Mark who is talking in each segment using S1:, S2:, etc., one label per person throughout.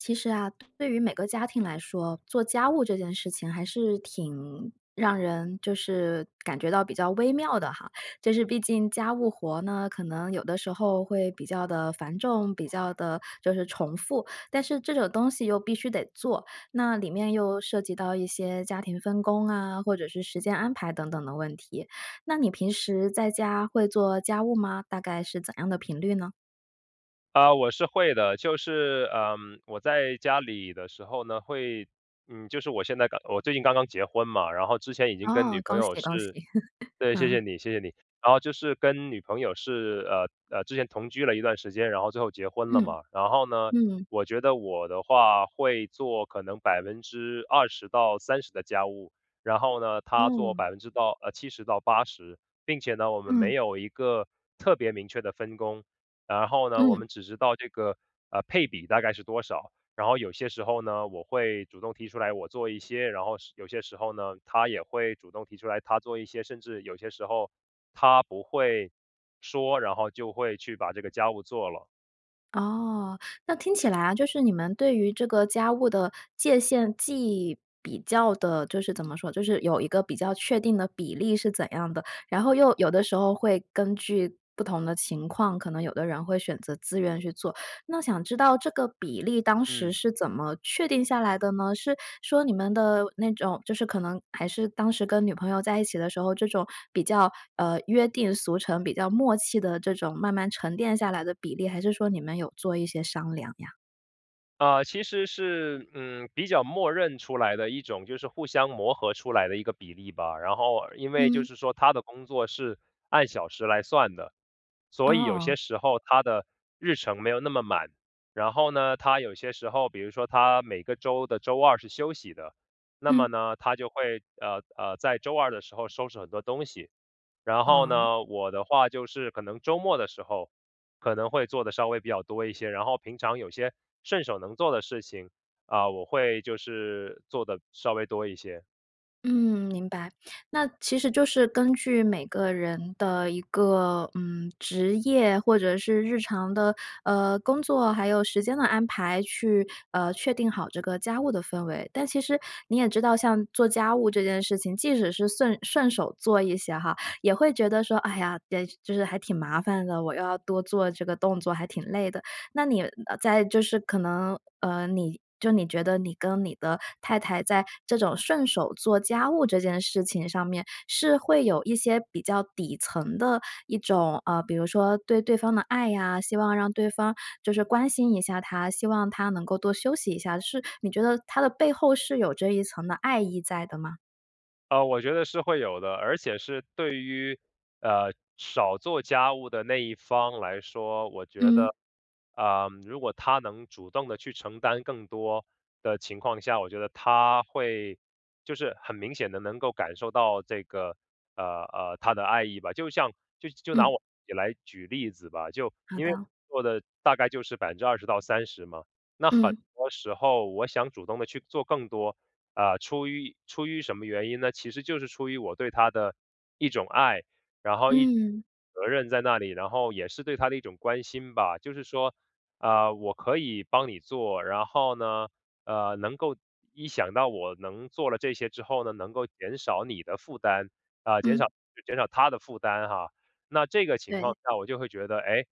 S1: 其实啊，对于每个家庭来说，做家务这件事情还是挺让人就是感觉到比较微妙的哈，就是毕竟家务活呢，可能有的时候会比较地繁重，比较地就是重复。但是这种东西又必须得做，那里面又涉及到一些家庭分工啊，或者是时间安排等等的问题，那你平时在家会做家务吗？大概是怎样的频率呢？
S2: 啊，我是会的，就是，呃，我在家里的时候呢，会，嗯，就是我现在刚我最近刚刚结婚嘛，然后之前已经跟
S1: 哦，
S2: 女朋
S1: 恭
S2: 友
S1: 喜恭喜。
S2: 是 对，谢谢
S1: 嗯。
S2: 你，谢谢你。然后就是跟女朋友是，呃，呃，之前同居了一段时间，然后最后结婚了
S1: 嗯。
S2: 嘛。然后呢，
S1: 嗯。
S2: 我觉得我的话会做可能20%-30%的家务，然后呢，她做
S1: 哦。
S2: 70%-80%并且呢，我们没
S1: 嗯。
S2: 有一个，特别明确的分工。然后呢，我
S1: 嗯。
S2: 们只知道这个，呃，配比大概是多少，然后有些时候呢，我会主动提出来我做一些，然后是有些时候呢，她也会主动提出来她做一些，甚至有些时候，她不会说，然后就会去把这个家务做了。
S1: 哦。那听起来啊，就是你们对于这个家务的界限既比较的就是怎么说就是有一个比较确定的比例是怎样的，然后又有的时候会根据不同的情况，可能有的人会选择自愿去做，那想知道这个比例当时
S2: 嗯。
S1: 是怎么确定下来的呢？是说你们的那种就是可能还是当时跟女朋友在一起的时候，这种比较，呃，约定俗成、比较默契的，这种慢慢沉淀下来的比例，还是说你们有做一些商量呀？
S2: 呃，其实是，嗯，比较默认出来的一种，就是互相磨合出来的一个比例吧。然后因为就
S1: 嗯。
S2: 是说她的工作是按小时来算的，所以有
S1: 哦。
S2: 些时候她的日程没有那么满，然后呢，她有些时候，比如说她每个周的周二是休息的。那么
S1: 嗯。
S2: 呢，她就会，呃，呃，在周二的时候收拾很多东西，然后
S1: 嗯。
S2: 呢，我的话就是可能周末的时候，可能会做得稍微比较多一些。然后平常有些顺手能做的事情，嗯，我会就是做得稍微多一些。
S1: 嗯，明白。那其实就是根据每个人的一个，嗯，职业，或者是日常的，呃，工作，还有时间的安排，去，呃，确定好这个家务的氛围。但其实你也知道，像做家务这件事情，即使是 顺 顺手做一些哈，也会觉得说：“哎呀，也就是还挺麻烦的，我要多做这个动作，还挺累的。”那你，呃，在就是可能呃，你就你觉得你跟你的太太在这种顺手做家务这件事情上面，是会有一些比较底层的一种，呃，比如说对对方的爱呀，希望让对方就是关心一下她，希望她能够多休息一下，是你觉得它的背后是有这一层的爱意在的吗？
S2: 呃，我觉得是会有的，而且是对于，呃，少做家务的那一方来说，我觉
S1: 嗯。
S2: 得，嗯，如果他能主动地去承担更多的情况下，我觉得他会就是很明显地能够感受到这个，呃，呃，他的爱意吧。就像就就拿
S1: 嗯。
S2: 我自己来举例子吧，就
S1: 好
S2: 因为我
S1: 的。
S2: 做的大概就是20%-30%嘛，那很
S1: 嗯。
S2: 多时候我想主动地去做更多，呃，出于出于什么原因呢？其实就是出于我对她的一种爱，然后一种
S1: 嗯。
S2: 责任在那里，然后也是对她的一种关心吧。就是说，呃，我可以帮你做，然后呢，呃，能够一想到我能做了这些之后呢，能够减少你的负担，呃，减少
S1: 嗯。
S2: 减少她的负担哈。那这个情况
S1: 对。
S2: 下我就会觉得，诶，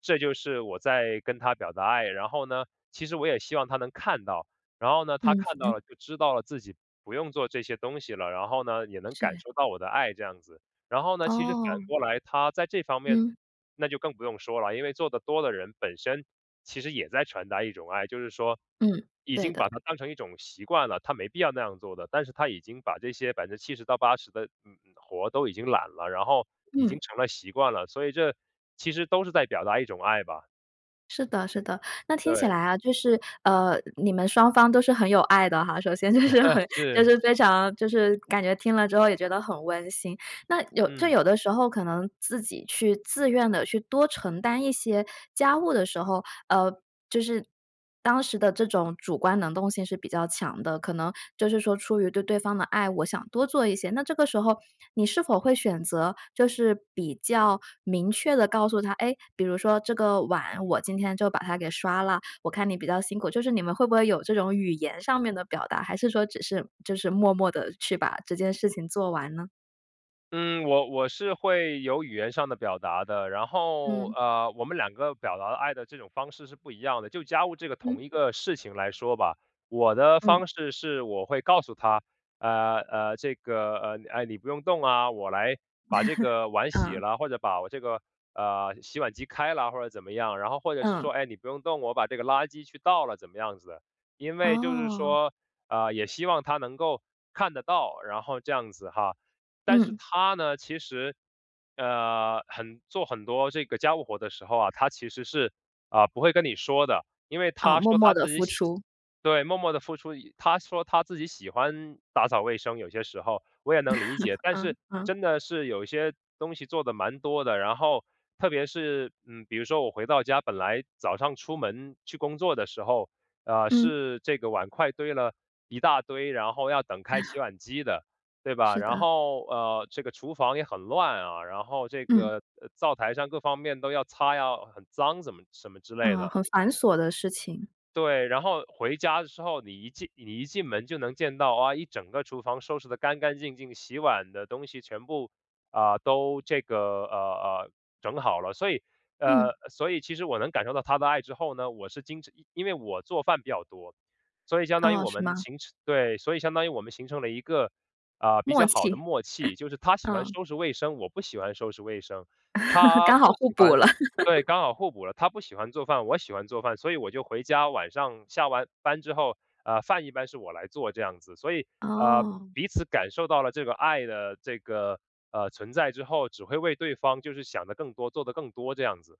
S2: 这就是我在跟她表达爱。然后呢，其实我也希望她能看到，然后呢，她
S1: 嗯。
S2: 看到 了就知道了自己不用做这些东西了，然后呢也能感
S1: 是。
S2: 受到我的爱这样子。然后呢，其实反
S1: 哦。
S2: 过来她在这方面，
S1: 嗯。
S2: 那就更不用说了，因为做的多的人本身其实也在传达一种爱，就是说
S1: 嗯，
S2: 已
S1: 对
S2: 经
S1: 的。
S2: 把它当成一种习惯了，她没必要那样做的，但是她已经把这些70%-80%的，嗯，嗯，活儿都已经揽了，然后已
S1: 嗯。
S2: 经成了习惯了，所以这其实都是在表达一种爱吧。
S1: 是的是的。那听起
S2: 对。
S1: 来啊，就是呃，你们双方都是很有爱的哈，首先就是很 就
S2: 是。
S1: 是非常就是感觉听了之后也觉得很温馨。那有就
S2: 嗯。
S1: 有的时候可能自己去自愿地去多承担一些家务的时候，呃，就是，当时的这种主观能动性是比较强的。可能就是说出于对对方的爱，我想多做一些。那这个时候，你是否会选择就是比较明确地告诉她，哎，比如说：“这个碗我今天就把它给刷了，我看你比较辛苦。”就是你们会不会有这种语言上面的表达，还是说只是就是默默地去把这件事情做完呢？
S2: 嗯，我我是会有语言上的表达的，然后，
S1: 嗯。
S2: 呃，我们两个表达的爱的这种方式是不一样的。就家务这个同
S1: 嗯。
S2: 一个事情来说吧，我的
S1: 嗯。
S2: 方式是我会告诉她：“呃，呃，这个，呃，哎，你不用动啊，我来，把这个 碗洗
S1: 嗯。
S2: 了，或者把我这个，呃，洗碗机开了或者怎么样。”然后，或者是
S1: 嗯。
S2: 说：“哎，你不用动，我把这个垃圾去倒了怎么样子。”因为就是
S1: 哦。
S2: 说，呃，也希望她能够看得到，然后这样子哈。但是
S1: 嗯。
S2: 她呢？其实，呃，很做很多这个家务活的时候啊，她其实是，呃，不会跟你说的。因为
S1: 哦，
S2: 她
S1: 默
S2: 说
S1: 默
S2: 她
S1: 地
S2: 自己
S1: 付
S2: 喜
S1: 出。
S2: 对，默默地付出。她说她自己喜欢打扫卫生，有些时候，我也能理解。但
S1: 嗯，
S2: 是
S1: 嗯。
S2: 真的是有一些东西做得蛮多的，然后特别是，嗯，比如说我回到家本来早上出门去工作的时候，呃，
S1: 嗯。
S2: 是这个碗筷堆了一大堆，然后要等开洗 碗机的，对吧？
S1: 是
S2: 然
S1: 的。
S2: 后，呃，这个厨房也很乱啊，然后这
S1: 嗯。
S2: 个呃，灶台上各方面都要擦呀，很脏怎么什么之类
S1: 呃，
S2: 的
S1: 很繁琐的事情。
S2: 对，然后回家的时候，你一进你一进门就能见到，啊，一整个厨房收拾得干干净净，洗碗的东西全部，呃，都这个，呃，呃，整好了。所以，
S1: 嗯。
S2: 呃，所以其实我能感受到她的爱之后呢，我是经常因为我做饭比较多，所以相当于
S1: 哦，
S2: 我
S1: 是
S2: 们
S1: 吗？
S2: 形成对，所以相当于我们形成了一个，呃，比
S1: 默
S2: 较好的
S1: 契，
S2: 默契。就是她 喜欢
S1: 嗯。
S2: 收拾卫生，我不喜欢收拾卫生，她
S1: 刚好
S2: 不
S1: 互
S2: 喜欢
S1: 补了。
S2: 对，刚好互补了，她不喜欢做饭，我喜欢做饭，所以我就回家，晚上下完班之后，呃，饭一般是我来做这样子。所以，呃，
S1: 哦。
S2: 彼此感受到了这个爱的这个，呃，存在之后，只会为对方就是想得更多、做得更多，这样子。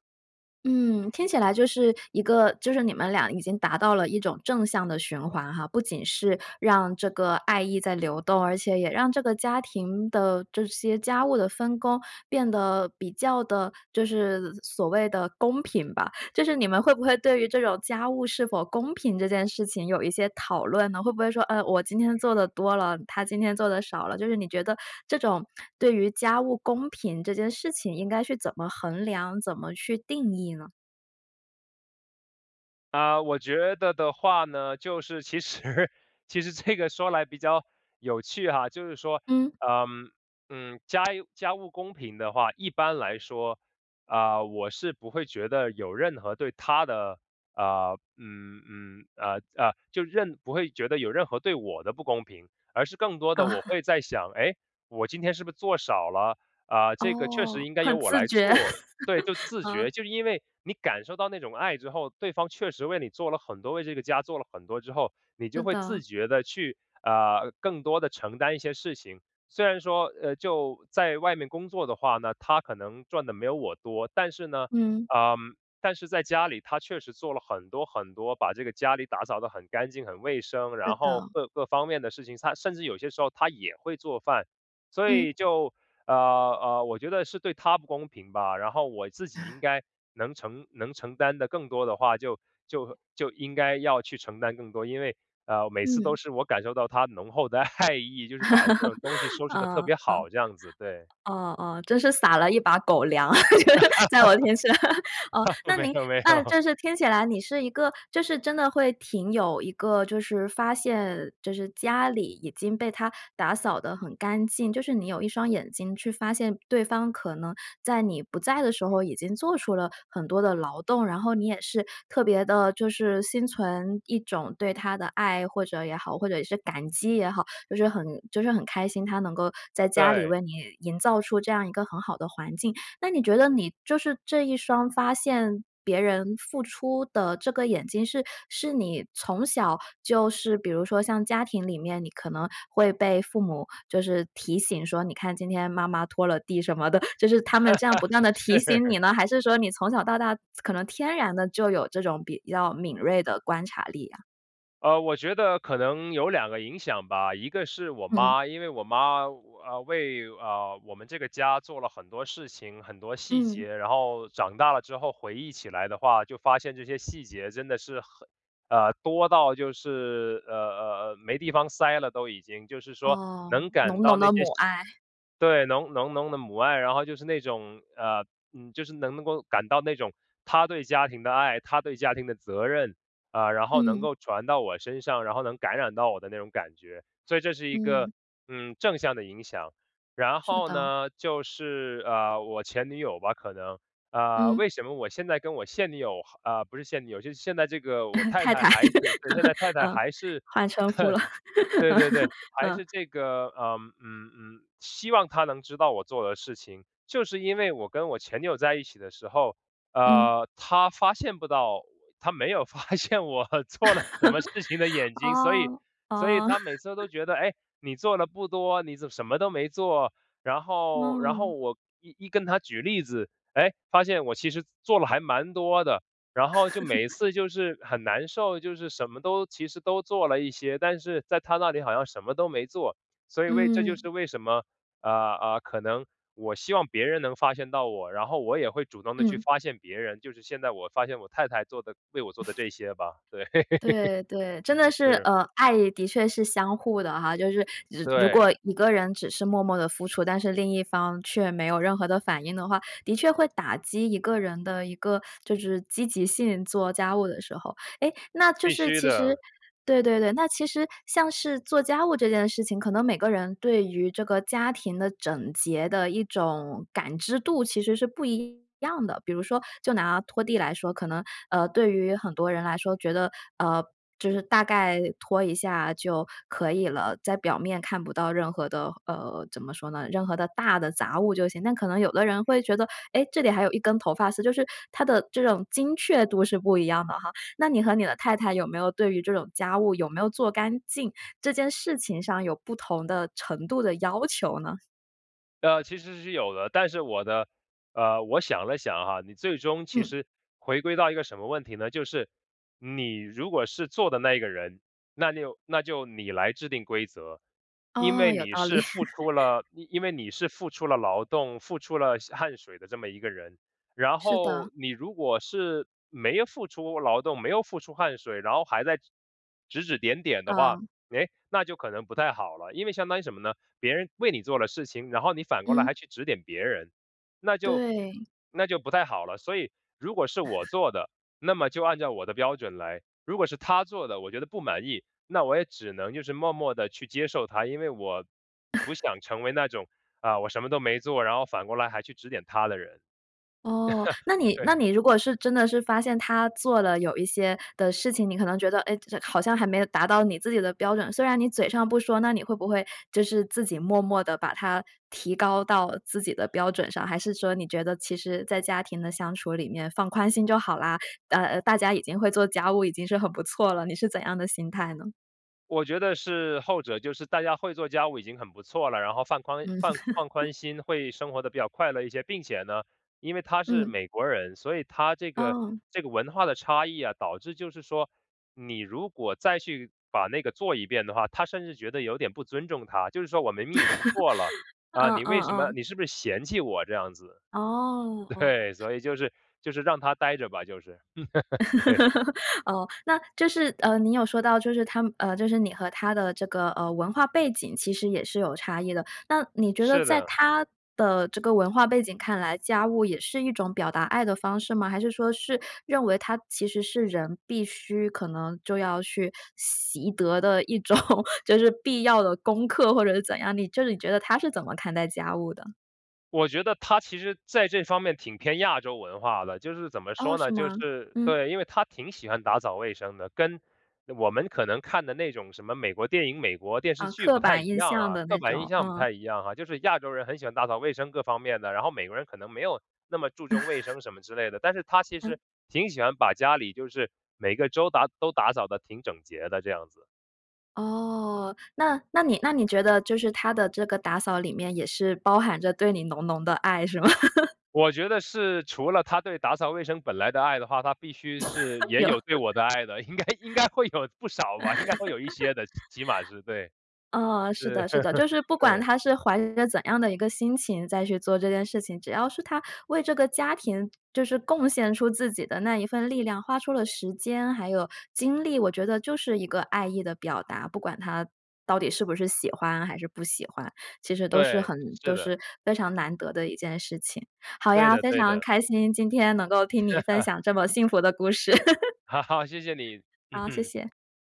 S1: 嗯，听起来就是一个就是你们俩已经达到了一种正向的循环哈。不仅是让这个爱意在流动，而且也让这个家庭的这些家务的分工变得比较地就是所谓的公平吧。就是你们会不会对于这种家务是否公平这件事情，有一些讨论呢？会不会说：“呃，我今天做得多了，她今天做得少了。”就是你觉得这种对于家务公平这件事情，应该去怎么衡量、怎么去定义呢？
S2: 呃，我觉得的话呢，就是其实其实这个说来比较，有趣哈。就是说，
S1: 嗯。
S2: 呃，嗯，家家务公平的话，一般来说，啊，我是不会觉得有任何对她的，呃，嗯，嗯，呃，呃，就任不会觉得有任何对我的不公平，而是更多的我 会在想：“哎，我今天是不做少了，呃，这个确实
S1: 哦，
S2: 应该由
S1: 很
S2: 我
S1: 自
S2: 来
S1: 觉。
S2: 做”对，就 自觉。
S1: 嗯。
S2: 就是因为你感受到那种爱之后，对方确实为你做了很多，为这个家做了很多之后，你就
S1: 是
S2: 会
S1: 的。
S2: 自觉地去，呃，更多地承担一些事情。虽然说，呃，就在外面工作的话呢，她可能赚得没有我多，但是呢，
S1: 嗯。
S2: 呃，但是在家里，她确实做了很多，很多，把这个家里打扫得很干净、很卫生，
S1: 是
S2: 然后
S1: 的。
S2: 各各方面的事情，她，甚至有些时候她也会做饭。所
S1: 嗯。
S2: 以就，呃，呃，我觉得是对她不公平吧，然后我自己应 该能承能承担得更多的话，就就就应该要去承担更多，因为，呃，每次都
S1: 嗯。
S2: 是我感受到她浓厚的爱意，就是把各种东西 收拾得特
S1: 啊，
S2: 别
S1: 啊。
S2: 好，这样子，对。
S1: 啊，啊。真是撒了一把狗粮，就是在我身上。哦，那
S2: 没
S1: 您
S2: 有，没
S1: 那
S2: 有。
S1: 这是听起来你是一个，就是，真的会挺有一个，就是发现，就是家里已经被她打扫得很干净，就是你有1双眼睛去发现对方可能在你不在的时候，已经做出了很多的劳动，然后你也是特别地，就是心存一种对她的爱，或者也好，或者是感激也好。就是很就是很开心，她能够在家里
S2: 对。
S1: 为你营造出这样一个很好的环境。那你觉得你，就是这一双发现别人付出的这个眼睛，是是你从小就是比如说像家庭里面，你可能会被父母，就是提醒说：“你看今天妈妈拖了地什么的。“就是他 们这样不断地提醒
S2: 是。
S1: 你呢，还是说你从小到大可能天然的，就有这种比较敏锐的观察力啊？
S2: 呃，我觉得可能有两个影响吧，一个是我
S1: 嗯。
S2: 妈，因为我妈，呃，为，呃，我们这个家做了很多事情、很多细
S1: 嗯。
S2: 节，然后长大了之后回忆起来的话，就发现这些细节真的是很呃，多到就是，呃，呃，呃，没地方塞了都已经。就是说
S1: 哦，
S2: 能感
S1: 浓
S2: 到
S1: 浓
S2: 那
S1: 的
S2: 些
S1: 母
S2: 细
S1: 爱。
S2: 对，浓浓浓的母爱，然后就是那种，呃，嗯，就是能够感到那种她对家庭的爱、她对家庭的责任，呃，然后能
S1: 嗯。
S2: 够传到我身上，然后能感染到我的那种感觉。所以这是一个，
S1: 嗯。
S2: 嗯，正向的影响，然
S1: 是
S2: 后
S1: 的。
S2: 呢，就是，呃，我前女友吧，可能，呃，
S1: 嗯。
S2: 为什么我现在跟我现女友哈呃，不是现女友就是现在这个我 太
S1: 太
S2: 太，
S1: 太，
S2: 还是对，现在太 太
S1: 呃，
S2: 还是
S1: 换称呼了。
S2: 对
S1: 嗯。
S2: 对对，还是这个，呃，嗯，嗯，嗯，希望她能知道我做的事情。就是因为我跟我前女友在一起的时候，
S1: 嗯。
S2: 呃，她发现不到我她没有发现我做了什么事情的眼 睛，所以
S1: 哦，
S2: 所以
S1: 哦。
S2: 她每次都 觉得：“唉，你做得不多，你怎么什么都没做。”然后然后
S1: 哦。
S2: 我一一跟她我举例子，诶，发现我其实做了还蛮多的。然后就每一 次就是很难受，就是什么都其实都做了一些，但是在她那里好像什么都没做。所以为这就是
S1: 嗯。
S2: 为什么，啊，啊，可能我希望别人能发现到我，然后我也会主动地去
S1: 嗯。
S2: 发现别人，就是现在我发现我太太做的为我做的 这些吧。对，
S1: 对，对，真 的是
S2: 是。
S1: 呃，爱的确是相互的哈。就是只如
S2: 对。
S1: 果一个人只是默默地付出，但是另一方却没有任何的反应的话，的确会打击一个人的一个就是积极性-做家务的时候。诶，那就
S2: 必
S1: 是
S2: 须
S1: 其实
S2: 的。
S1: 对对对，那其实像是做家务这件事情，可能每个人对于这个家庭的整洁的一种感知度其实是不一样的。比如说就拿拖地来说，可能，呃，对于很多人来说，觉得，呃，就是“大概拖一下就可以了”，在表面看不到任何的，呃，怎么说呢，任何的大的杂物就行。那可能有的人会觉得：“诶，这里还有一根头发丝。”就是它的这种精确度是不一样的哈，那你和你的太太有没有对于这种家务有没有做干净，这件事情上有不同的程度的要求呢？
S2: 呃，其实是有的，但是我的，呃，我想了想啊，你最终其
S1: 嗯。
S2: 实回归到一个什么问题呢，就是你如果是做的那一个人，那就那就你来制定规则，因
S1: 哦，
S2: 为
S1: 有
S2: 你
S1: 道理。
S2: 是付出 了，因因为你是付出了劳动付出了汗水的这么一个人。然
S1: 是的。
S2: 后你如果是没有付出劳动，没有付出汗水，然后还在，指指点点的话，
S1: 嗯。
S2: 哎，那就可能不太好了。因为相当于什么呢？别人为你做了事情，然后你反过来还
S1: 嗯。
S2: 去指点别人，那就
S1: 对。
S2: 那就不太好了。所以如果是我 做的，那么就按照我的标准来，如果是她做的，我觉得不满意，那我也只能就是默默地去接受她，因为我不 想成为那种，啊，我什么都没做，然后反过来还去指点她的人。
S1: 哦，那 你那
S2: 对。
S1: 你如果是真的是发现她做了有一些的事情，你可能觉得，哎，这好像还没有达到你自己的标准，虽然你嘴上不说，那你会不会就是自己默默地把它提高到自己的标准上，还是说你觉得，其实在家庭的相处里面放宽心就好啦，呃呃，大家已经会做家务，已经是很不错了，你是怎样的心态呢？
S2: 我觉得是后者，就是大家会做家务已经很不错了，然后放宽
S1: 嗯。
S2: 放放 宽心会生活得比较快乐一些。并且呢，因为她是
S1: 嗯。
S2: 美国人，所以她这个
S1: 哦。
S2: 这个文化的差异啊，导致就是说，你如果再去把那个做一遍的话，她甚至觉得有点不尊重她。就是说：“我明明已 经做了，啊，
S1: 嗯
S2: 你
S1: 嗯
S2: 为什么
S1: 嗯。
S2: 你是不是嫌弃我这样子？”
S1: 哦，哦。
S2: 对，所以就是就是让她待着吧，就是。对。
S1: 哦，那就是，呃，你有说到就是她们就是你和她的这个，呃，文化背景其实也是有差异的。那你觉得
S2: 是
S1: 在
S2: 的。
S1: 她的这个文化背景看来，家务也是一种表达爱的方式吗？还是说是认为它其实是人必须可能就要去习得的一种，就是必要的功课或者是怎样，你就是你觉得她是怎么看待家务的？
S2: 我觉得她其实在这方面挺偏亚洲文化的，就是怎么
S1: 哦，
S2: 说
S1: 是
S2: 呢，就
S1: 吗？
S2: 是
S1: 嗯。
S2: 对，因为她挺喜欢打扫卫生的。跟我们可能看的那种什么美国电影、美国电视
S1: 啊，
S2: 剧
S1: 刻
S2: 不太
S1: 板
S2: 一
S1: 印
S2: 样
S1: 象
S2: 啊，
S1: 的
S2: 刻
S1: 那
S2: 板印
S1: 种，
S2: 象不
S1: 嗯。
S2: 太一样啊。就是亚洲人很喜欢打扫卫生各方面的，然后美国人可能没有那么注重卫 生什么之类的，但是她其
S1: 嗯。
S2: 实挺喜欢把家里就是每个周打都打扫得挺整洁的这样子。
S1: 哦，那那你那你觉得就是她的这个打扫里面也是包含着对你浓浓的爱是吗？
S2: 我觉得是除了她对打扫卫生本来的爱的话，她必须是 也
S1: 有。
S2: 有 对我的爱的，应该应该会有不少吧，应该会有一些的，起码是，对。
S1: 呃，是
S2: 是，
S1: 的，是的，就是 不管
S2: 对。
S1: 她是怀着怎样的一个心情在去做这件事情，只要是她为这个家庭就是贡献出自己的那一份力量，花出了时间，还有精力，我觉得就是一个爱意的表达，不管她到底是不是喜欢还是不喜欢，其实都是
S2: 对，
S1: 很
S2: 是
S1: 都是
S2: 的。
S1: 非常难得的一件事情。好
S2: 对
S1: 呀，
S2: 的，
S1: 非
S2: 对
S1: 常
S2: 的。
S1: 开心，今天能够听你分 享这么幸福的故事。
S2: 好好，谢谢你。嗯
S1: 好，谢
S2: 哼。
S1: 谢。